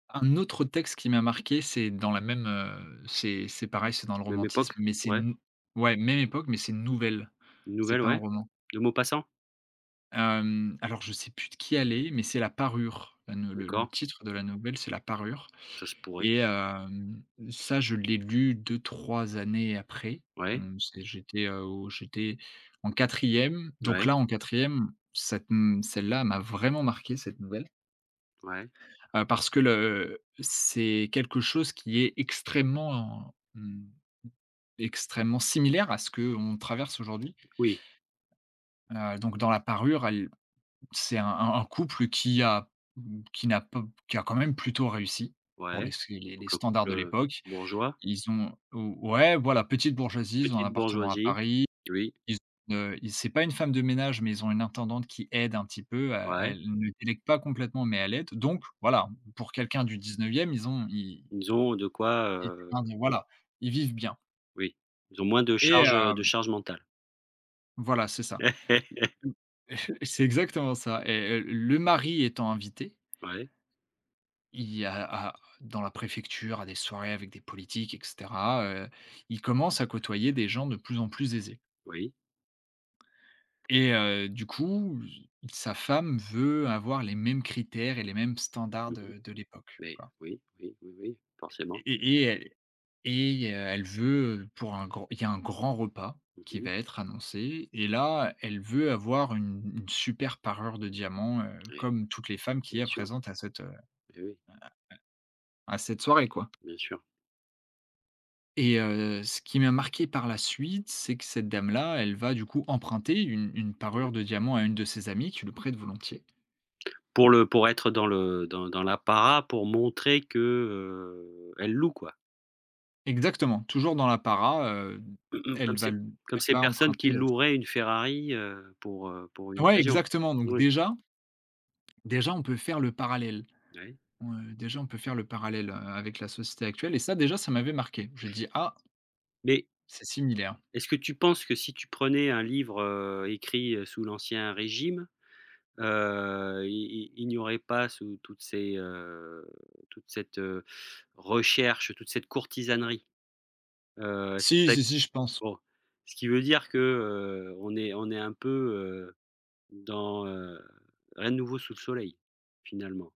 Un autre texte qui m'a marqué c'est dans la même, heu c'est c'est pareil c'est dans le Même romantisme, époque? mais c'est Ouais. une nou ouais même époque, mais c'est une nouvelle, Une c'est nouvelle pas un ouais, roman. de Maupassant? Hem, alors je sais plus de qui elle est, mais c'est La Parure. Heu, ne le le D'accord. titre de la nouvelle, c'est La Parure Ça se pourrait. et hem, ça je l'ai lu 2-3 années après. Ouais. Hem, c'est j'étais, heu, au j'étais en quatrième donc Ouais. là en quatrième cette m celle-là m'a vraiment marqué cette nouvelle. Ouais. Heu, parce que le c'est quelque chose qui est extrêmement, hem, extrêmement similaire à ce qu'on traverse aujourd'hui. Oui. Heu, donc dans La Parure, elle c'est un un un couple qui a m qui n'a pas p qui a quand même plutôt réussi pour les Ouais, sé donc les un standards couple, de heu, l'époque. bourgeois. Ils ont ou ouais voilà, petite bourgeoisie, ils ont un Petite appartement à bourgeoisie. Paris. Oui. Ils ont une, heu, i c'est pas une femme de ménage, mais ils ont une intendante qui aide un petit peu, à Ouais. elle ne délègue pas complètement mais elle aide donc voilà. Pour quelqu'un du 19e ils ont ils Ils ont de quoi, était un heu des voilà. Ils vivent bien Oui. Ils ont moins de et charge, heu, de hem charge mentale. Voilà, c'est ça. L l et c'est exactement ça et et le mari étant invité Ouais. il y a à dans la préfecture, à des soirées avec des politiques et cetera, heu, il commence à côtoyer des gens de plus en plus aisés Oui. et heu, du coup, s sa femme veut avoir les mêmes critères et les mêmes standards Mmh mh, de de l'époque mais quoi oui, oui, oui oui, forcément. et et et elle et heu, elle veut pour un grand il y a un grand repas Mmh qui mh. va être annoncé et là, elle veut avoir une une super parure de diamants. Heu, Oui. comme toutes les femmes qu'il Bien y a sûr. présentes à cette, heu, Eh oui. à à à cette soirée quoi. Bien sûr. Et heu, ce qui m'a marqué par la suite, c'est que cette dame là elle va du coup emprunter une une parure Mmh. de diamants à une de ses amies qui lui prête volontiers. Pour le pour être dans le dans dans l'apparat, pour montrer que, heu, elle loue quoi. Exactement, toujours dans l'apparat, heu, Mmh mh. elle Comme va ces l comme elle ces va personnes qui emprunter à sa loueraient une Ferrari, heu, pour, heu, pour une Ouais, occasion. exactement, donc Oui. déjà déjà, on peut faire le parallèle. Oui. On, heu, déjà on peut faire le parallèle, heu, avec la société actuelle et ça déjà ça m'avait marqué. J'ai dit: «Ah». Mais «c'est similaire». est-ce que tu penses que si tu prenais un livre, heu, écrit, heu, sous l'ancien régime, heu, il il il n'y aurait pas sous toutes ces, heu, toute cette, heu, recherche, toute cette courtisanerie? Heu, est-ce Si, que si si, je pense. bon. Ce qui veut dire que, heu, on est on est un peu, heu, dans, heu, à nouveau sous le soleil, finalement.